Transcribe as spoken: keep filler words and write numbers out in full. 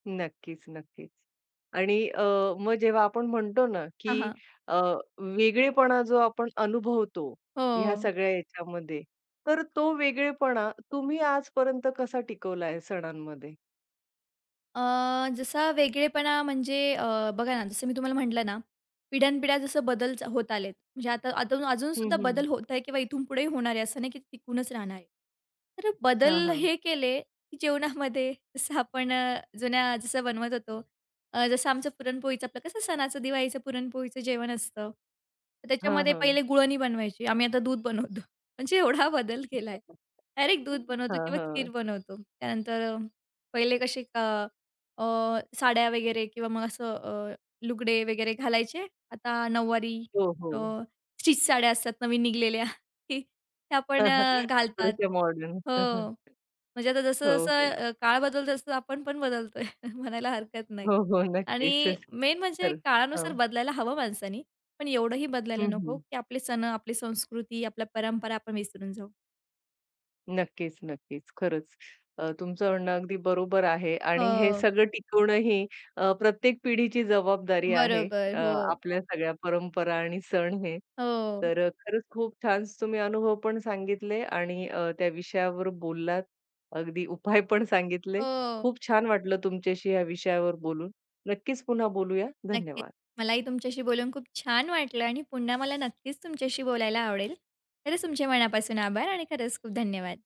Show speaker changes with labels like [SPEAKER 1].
[SPEAKER 1] नक्कीच-नक्कीच आणि अ, मग जेव्हा आपण म्हणतो ना
[SPEAKER 2] हां,
[SPEAKER 1] की
[SPEAKER 2] हां.
[SPEAKER 1] अ, वेगळेपणा जो आपण अनुभवतो, ह्या
[SPEAKER 2] हो.
[SPEAKER 1] सगळ्या याच्यामध्ये, तर तो वेगळेपणा तुम्ही आजपर्यंत कसा टिकवलाय सणांमध्ये?
[SPEAKER 2] अ, जसा वेगळेपणा म्हणजे अ, बघा ना जसं मी तुम्हाला म्हटलं ना, पिढ्यानपिढ्या जसं बदल होत आलेत, म्हणजे आता [unintelligible]
[SPEAKER 1] हं,
[SPEAKER 2] अजूनसुद्धा
[SPEAKER 1] हं.
[SPEAKER 2] बदल होत आहे किंवा इथून पुढेही होणार आहे असं नाही की ते टिकूनच राहणार आहे. तर
[SPEAKER 1] हां,
[SPEAKER 2] बदल
[SPEAKER 1] हां.
[SPEAKER 2] हे केले जेवणामध्ये, जसं आपण अ, जुन्या जसं बनवत होतो. अ, जसं आमचं पुरणपोळीचं आपलं कसं सणाचं दिवाळीचं पुरणपोळीचं जेवण असतं, तर
[SPEAKER 1] हां,
[SPEAKER 2] त्याच्यामध्ये
[SPEAKER 1] हां.
[SPEAKER 2] पहिले गुळणी बनवायची, आम्ही आता दूध बनवतो, म्हणजे एवढा बदल केलाय. डायरेक्ट
[SPEAKER 1] हं.
[SPEAKER 2] दूध बनवतो
[SPEAKER 1] हां,
[SPEAKER 2] किंवा खीर
[SPEAKER 1] हां.
[SPEAKER 2] बनवतो. त्यानंतर अ, पहिले कसे क अ, साड्या वगैरे किंवा मग असं अ, लुगडे वगैरे घालायचे. आता नऊवारी
[SPEAKER 1] हो,
[SPEAKER 2] अ,
[SPEAKER 1] हो.
[SPEAKER 2] स्टिच साड्या असतात नवीन निघलेल्या, त्या पण अ, घालतात.
[SPEAKER 1] थोडेसे मॉडर्न.
[SPEAKER 2] हो,
[SPEAKER 1] हं, हं.
[SPEAKER 2] म्हणजे आता
[SPEAKER 1] हो,
[SPEAKER 2] जसं-जसं
[SPEAKER 1] हो.
[SPEAKER 2] अ, काळ बदलतो, तसं आपण पण बदलतोय म्हणायला हरकत नाही
[SPEAKER 1] हो, हो, नक्कीच.
[SPEAKER 2] आणि मेन म्हणजे
[SPEAKER 1] खरचं.
[SPEAKER 2] काळानुसार
[SPEAKER 1] हां.
[SPEAKER 2] बदलायला हवं माणसांनी, पण एवढंही बदलायला
[SPEAKER 1] हं,
[SPEAKER 2] नको
[SPEAKER 1] हं.
[SPEAKER 2] की आपले सण, आपली संस्कृती, आपल्या परंपरा आपण विसरून जाऊ.
[SPEAKER 1] नक्कीच-नक्कीच. खरंच, अ, तुमचं म्हणणं अगदी बरोबर आहे आणि हे
[SPEAKER 2] हो.
[SPEAKER 1] सगळं टिकवणं ही अ, प्रत्येक पिढीची जबाबदारी आहे,
[SPEAKER 2] बरोबर.
[SPEAKER 1] अ,
[SPEAKER 2] हो.
[SPEAKER 1] आपल्या सगळ्या परंपरा आणि सण हे,
[SPEAKER 2] हो.
[SPEAKER 1] तर अ, खरंच खूप छान तुम्ही अनुभव पण सांगितले आणि अ, त्या विषयावर बोललात, अगदी उपाय पण सांगितले.
[SPEAKER 2] हो.
[SPEAKER 1] खूप छान वाटलं तुमच्याशी या विषयावर बोलून. नक्कीच पुन्हा बोलूया.
[SPEAKER 2] नक्कीच,
[SPEAKER 1] धन्यवाद.
[SPEAKER 2] मलाही तुमच्याशी बोलून खूप छान वाटलं आणि पुन्हा मला नक्कीच तुमच्याशी बोलायला आवडेल. खरंच, तुमचे मनापासून आभार आणि खरंच खूप धन्यवाद.